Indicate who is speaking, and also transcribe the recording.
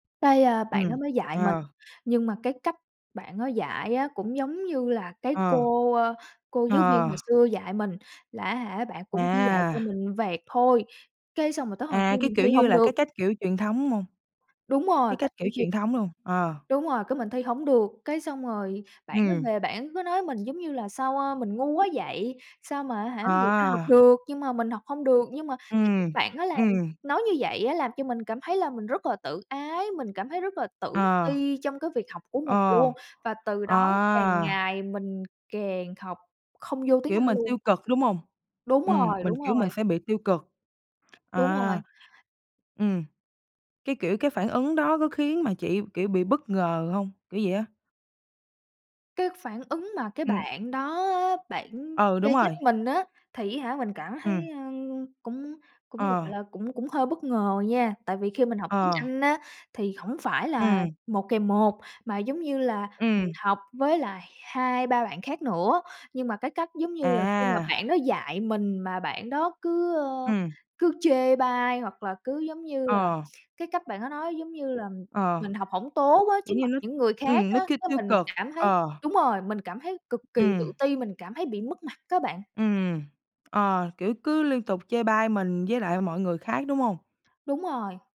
Speaker 1: Cái, a, bạn
Speaker 2: Ừm,
Speaker 1: đó mới dạy mình,
Speaker 2: ờ.
Speaker 1: nhưng mà cái cách bạn đó dạy á cũng giống như là cái
Speaker 2: Ờ,
Speaker 1: cô, ơ, cô giáo viên
Speaker 2: ờ.
Speaker 1: hồi xưa dạy mình, là á hả bạn cũng chỉ dạy cho
Speaker 2: À!
Speaker 1: mình vẹt thôi, cái xong rồi tới hồi thi
Speaker 2: À, cái
Speaker 1: mình
Speaker 2: kiểu
Speaker 1: thi
Speaker 2: như
Speaker 1: hông
Speaker 2: là
Speaker 1: được.
Speaker 2: cái cách kiểu truyền thống hông?
Speaker 1: Đúng rồi,
Speaker 2: Cái cách
Speaker 1: cách cổ
Speaker 2: kiểu
Speaker 1: truyền.
Speaker 2: truyền thống luôn, ờ.
Speaker 1: Đúng rồi, cái mình thi hổng được, cái xong rồi bạn đó
Speaker 2: Ừm.
Speaker 1: về bản cứ nói mình, giống như là, sao a mình ngu quá vậy, sao mà á hả người ta học
Speaker 2: À!
Speaker 1: được, nhưng mà mình học hông được. Nhưng mà cái cách
Speaker 2: Ừm,
Speaker 1: bạn đó làm
Speaker 2: ừm.
Speaker 1: nói như vậy á làm cho mình cảm thấy là mình rất là tự ái, mình cảm thấy rất là tự
Speaker 2: Ờ.
Speaker 1: ti trong cái việc học của mình
Speaker 2: Ờ.
Speaker 1: luôn, và từ đó càng
Speaker 2: À!
Speaker 1: ngày mình càng học không vô tiếng
Speaker 2: Kiểu,
Speaker 1: Anh
Speaker 2: mình
Speaker 1: luôn.
Speaker 2: tiêu cực, đúng không?
Speaker 1: Đúng
Speaker 2: Ừm,
Speaker 1: rồi,
Speaker 2: mình
Speaker 1: đúng
Speaker 2: kiểu mình
Speaker 1: rồi.
Speaker 2: sẽ bị tiêu cực.
Speaker 1: Đúng
Speaker 2: À.
Speaker 1: rồi.
Speaker 2: Ừm. Cái kiểu, cái phản ứng đó có khiến mà chị, kiểu, bị bất ngờ hông? Kiểu vậy á.
Speaker 1: Cái phản ứng mà cái
Speaker 2: Ừm.
Speaker 1: bạn đó á, bản
Speaker 2: Ừ,
Speaker 1: chê
Speaker 2: đúng
Speaker 1: trách
Speaker 2: rồi.
Speaker 1: mình á, thì á hả mình cảm thấy,
Speaker 2: Ừm.
Speaker 1: ơ, cũng cũng,
Speaker 2: Ờ.
Speaker 1: gọi là, cũng cũng hơi bất ngờ nha, tại vì khi mình học tiếng
Speaker 2: Ờ.
Speaker 1: Anh á thì hổng phải là
Speaker 2: Ừm.
Speaker 1: 1 kèm 1, mà giống như là mình
Speaker 2: Ừm.
Speaker 1: học với lại 2-3 bạn khác nữa. Nhưng mà cái cách giống như là khi mà
Speaker 2: À!
Speaker 1: bạn đó dạy mình mà bạn đó cứ, ơ,
Speaker 2: Ừm.
Speaker 1: cứ chê bai hoặc là cứ, giống như là,
Speaker 2: Ờ.
Speaker 1: cái cách bạn đó nói giống như là
Speaker 2: Ờ.
Speaker 1: mình học hổng tốt á trước
Speaker 2: Kiểu như
Speaker 1: mặt
Speaker 2: nó
Speaker 1: những người khác
Speaker 2: ừm, nó
Speaker 1: á.
Speaker 2: kiêu
Speaker 1: Cái,
Speaker 2: tiêu
Speaker 1: mình
Speaker 2: cực,
Speaker 1: cảm thấy
Speaker 2: ờ.
Speaker 1: đúng rồi, mình cảm thấy cực kỳ
Speaker 2: Ừm.
Speaker 1: tự ti, mình cảm thấy bị mất mặt á bạn.
Speaker 2: Ừm, ờ, kiểu, cứ liên tục chê bai mình với lại mọi người khác, đúng không?
Speaker 1: Đúng rồi!